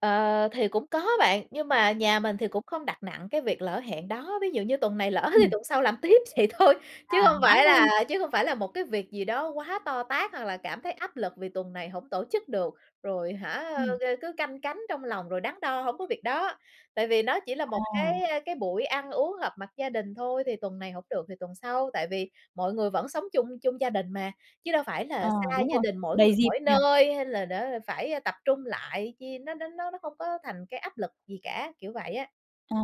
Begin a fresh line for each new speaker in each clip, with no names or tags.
Ờ, thì cũng có bạn, nhưng mà nhà mình thì cũng không đặt nặng cái việc lỡ hẹn đó. Ví dụ như tuần này lỡ thì
Ừm.
tuần sau làm tiếp vậy thôi, chứ
À,
hông
ngán
phải
luôn.
là chứ không phải là một cái việc gì đó quá to tát hoặc là cảm thấy áp lực vì tuần này hổng tổ chức được, rồi, hả,
Ừm.
a, cứ canh cánh trong lòng, rồi đắn đo, hông có việc đó. Tại vì nó chỉ là một
À.
cái, a, cái buổi ăn uống họp mặt gia đình thôi, thì tuần này hổng được thì tuần sau. Tại vì mọi người vẫn sống chung, chung gia đình mà, chứ đâu phải là
À,
xa
đúng
gia
rồi.
đình mỗi người
Đầy dịp
mỗi
nhỉ?
nơi hay là đã phải, ơ, tập trung lại chi, nó nó nó nó không có thành cái áp lực gì cả, kiểu vậy á.
À.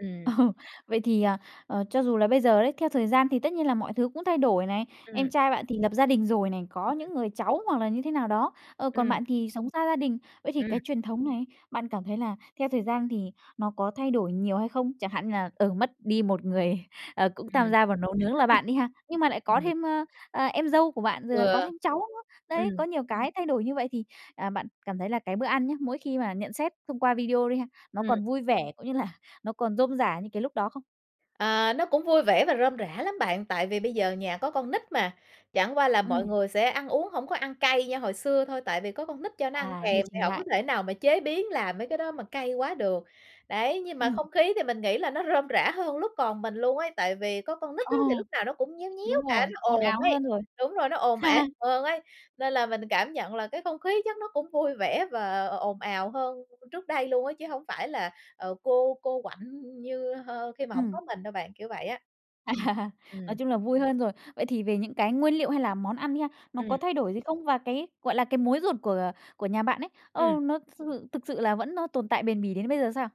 Ừm.
Ờ, vậy thì, à, ờ, cho dù là bây giờ đấy, theo thời gian thì tất nhiên là mọi thứ cũng thay đổi này, em
Ừm.
trai bạn thì lập gia đình rồi này, có
Ừm.
những người cháu hoặc là như thế nào đó, ờ, còn
Ừm.
bạn thì sống xa gia đình. Vậy thì
Ừm.
cái truyền thống này, bạn cảm thấy là theo thời gian thì nó có thay đổi nhiều hay không? Chẳng hạn như là, ừ, mất đi một người, ờ, cũng tham
Ừm.
gia vào nấu nướng là bạn đi ha, nhưng mà lại có
Ừm. Ừm.
thêm, ơ, à, em dâu của bạn, rồi là có
Ừ.
thêm cháu nữa. Đấy,
Ừm.
có nhiều cái thay đổi như vậy thì, à, bạn cảm thấy là cái bữa ăn nhá, mỗi khi mà nhận xét thông qua video đi ha, nó
Ừm.
còn vui vẻ cũng như là nó còn rôm rả như cái lúc đó không?
À, nó cũng vui vẻ và rôm rả lắm bạn, tại vì bây giờ nhà có con nít mà. Chẳng qua là mọi
Ừm.
người sẽ ăn uống hổng có ăn cay như hồi xưa thôi, tại vì có con nít cho nó ăn
À, điều
kèm thì
chỉnh
hổng có
lại.
thể nào mà chế biến làm mấy cái đó mà cay quá được. Đấy, nhưng mà
Ừm.
không khí thì mình nghĩ là nó rôm rả hơn lúc còn mình luôn ấy, tại vì có con nít
Ờ.
á, thì lúc nào nó cũng nhéo
Đúng
nhéo cả,
rồi,
nó
ồn
ồn
ào
ấy,
hơn rồi.
đúng rồi, nó ồn ào hơn ấy. Nên là mình cảm nhận là cái không khí chắc nó cũng vui vẻ và ồn ào hơn trước đây luôn á, chứ hổng phải là, ờ, cô cô quạnh như, ơ, khi mà hổng
Ừm.
có mình đâu bạn, kiểu vậy á. Ừm.
À. Nói
Ừm.
chung là vui hơn rồi. Vậy thì về những cái nguyên liệu hay là món ăn đi ha, nó có
Ừm.
thay đổi gì không? Và cái, gọi là, cái mối ruột của của nhà bạn ấy, ờ,
Ừm.
nó sư thự thực sự là vẫn nó tồn tại bền bỉ đến bây giờ sao?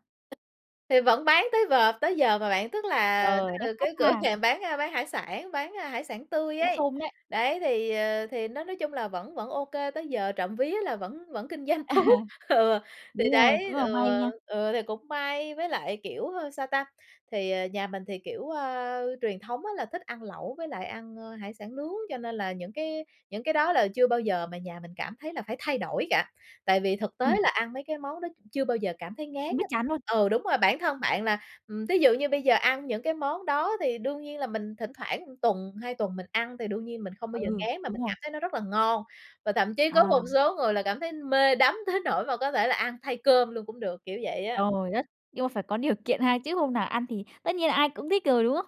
Thì vẫn bán tới v tới giờ mà bạn. Tức là
Ờ,
tức
đắt
là
khách
cái cửa
ha.
hàng bán, a, bán hải sản, bán, a, hải sản tươi
Cũng
ấy,
xôm đấy.
đấy, thì, ờ, thì nó nói chung là vẫn vẫn OK, tới giờ trộm vía là vẫn vẫn kinh doanh tốt. Ừ, thì
Đúng rồi,
đấy,
cũng là may
ừ,
nha.
ừ, thì cũng may. Với lại, kiểu, ơ, sao ta, thì, ờ, nhà mình thì, kiểu, ơ, truyền thống á là thích ăn lẩu với lại ăn, ơ, hải sản nướng, cho nên là những cái những cái đó là chưa bao giờ mà nhà mình cảm thấy là phải thay đổi cả, tại vì thực tế
Ừm.
là ăn mấy cái món đó chưa bao giờ cảm thấy ngán
Không biết
á.
chán luôn.
Ừ, đúng rồi, bản thân bạn là, ừm, thí dụ như bây giờ ăn những cái món đó thì đương nhiên là mình thỉnh thoảng tuần, 2 tuần mình ăn thì đương nhiên mình không bao giờ
Ừ.
ngán mà
Đúng
mình
rồi.
cảm thấy nó rất là ngon. Và thậm chí có
À.
một số người là cảm thấy mê đắm tới nỗi mà có thể là ăn thay cơm luôn cũng được, kiểu vậy á.
Trời đất, nhưng mà phải có điều kiện ha, chứ hôm nào ăn thì tất nhiên là ai cũng thích rồi, đúng không?